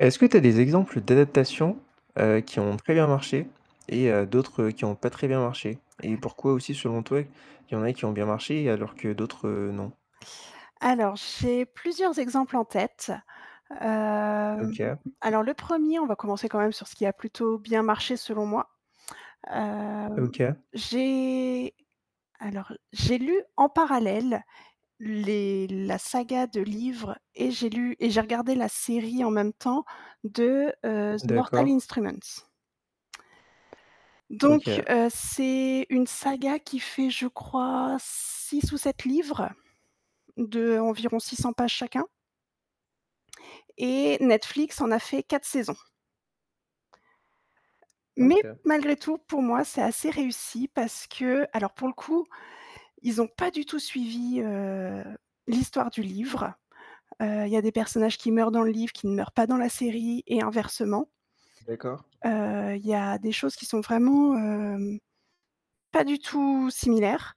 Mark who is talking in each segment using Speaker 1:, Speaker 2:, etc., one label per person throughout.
Speaker 1: Est-ce que tu as des exemples d'adaptation, heu, qui ont très bien marché et heu, d'autres qui ont pas très bien marché et pourquoi aussi selon toi, il y en a qui ont bien marché alors que d'autres non?
Speaker 2: Alors j'ai plusieurs exemples en tête, hem,
Speaker 1: OK.
Speaker 2: alors le 1er, on va commencer quand même sur ce qui a plutôt bien marché selon moi, hem,
Speaker 1: OK.
Speaker 2: j'ai alors, j'ai lu en parallèle les la saga de livres et j'ai lu et j'ai regardé la série en même temps de, heu, The Mortal
Speaker 1: D'accord.
Speaker 2: Instruments. Donc,
Speaker 1: OK.
Speaker 2: heu, c'est une saga qui fait, je crois 6 ou 7 livres d'environ 600 pages chacun et Netflix en a fait 4 saisons. Mais
Speaker 1: OK.
Speaker 2: malgré tout, pour moi, c'est assez réussi parce qu'alors, pour le coup, ils ont pas du tout suivi, heu, l'histoire du livre, heu, il y a des personnages qui meurent dans le livre, qui ne meurent pas dans la série et inversement,
Speaker 1: D'accord.
Speaker 2: heu, il y a des choses qui sont vraiment, hem, pas du tout similaires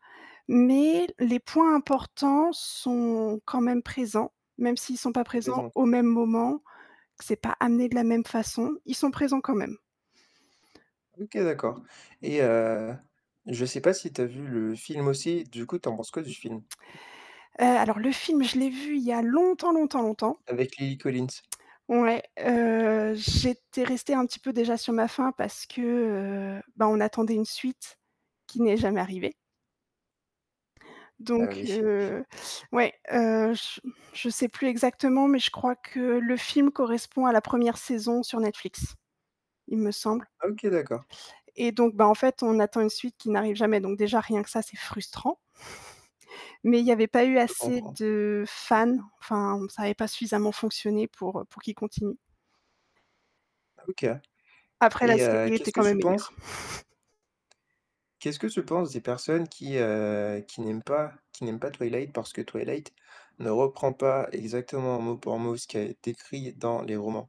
Speaker 2: mais les points importants sont quand même présents, même s'ils sont pas
Speaker 1: Au
Speaker 2: présents
Speaker 1: présent,
Speaker 2: au
Speaker 1: quoi?
Speaker 2: même moment, que c'est pas amené de la même façon, ils sont présents quand même.
Speaker 1: OK, d'accord et heu, je sais pas si tu as vu le film aussi, du coup, tu en penses quoi du film?
Speaker 2: Heu, alors le film, l'ai vu il y a longtemps, longtemps, longtemps.
Speaker 1: Avec Lily Collins.
Speaker 2: Ouais, heu, j'étais restée un petit peu déjà sur ma faim parce que, heu, ben, on attendait une suite qui n'est jamais arrivée
Speaker 1: Ah
Speaker 2: donc
Speaker 1: oui!
Speaker 2: heu, ouais, heu, je je sais plus exactement mais je crois que le film correspond à la 1re saison sur Netflix, il me semble
Speaker 1: Ah, OK d'accord.
Speaker 2: et donc, ben, en fait, on attend une suite qui n'arrive jamais donc, déjà, rien que ça, c'est frustrant mais il y avait pas eu
Speaker 1: Je peux
Speaker 2: assez
Speaker 1: comprendre.
Speaker 2: de fans, enfin, ça avait pas suffisamment fonctionné pour, heu, pour qu'ils continuent.
Speaker 1: Ah, OK
Speaker 2: Après la
Speaker 1: et heu,
Speaker 2: série était
Speaker 1: qu'est-ce que
Speaker 2: quand même
Speaker 1: tu
Speaker 2: meilleure.
Speaker 1: penses qu'est-ce que tu penses des personnes qui, heu, qui n'aiment pas qui n'aiment pas Twilight parce que Twilight ne reprend pas exactement, mot pour mot, ce qui a été écrit dans les romans?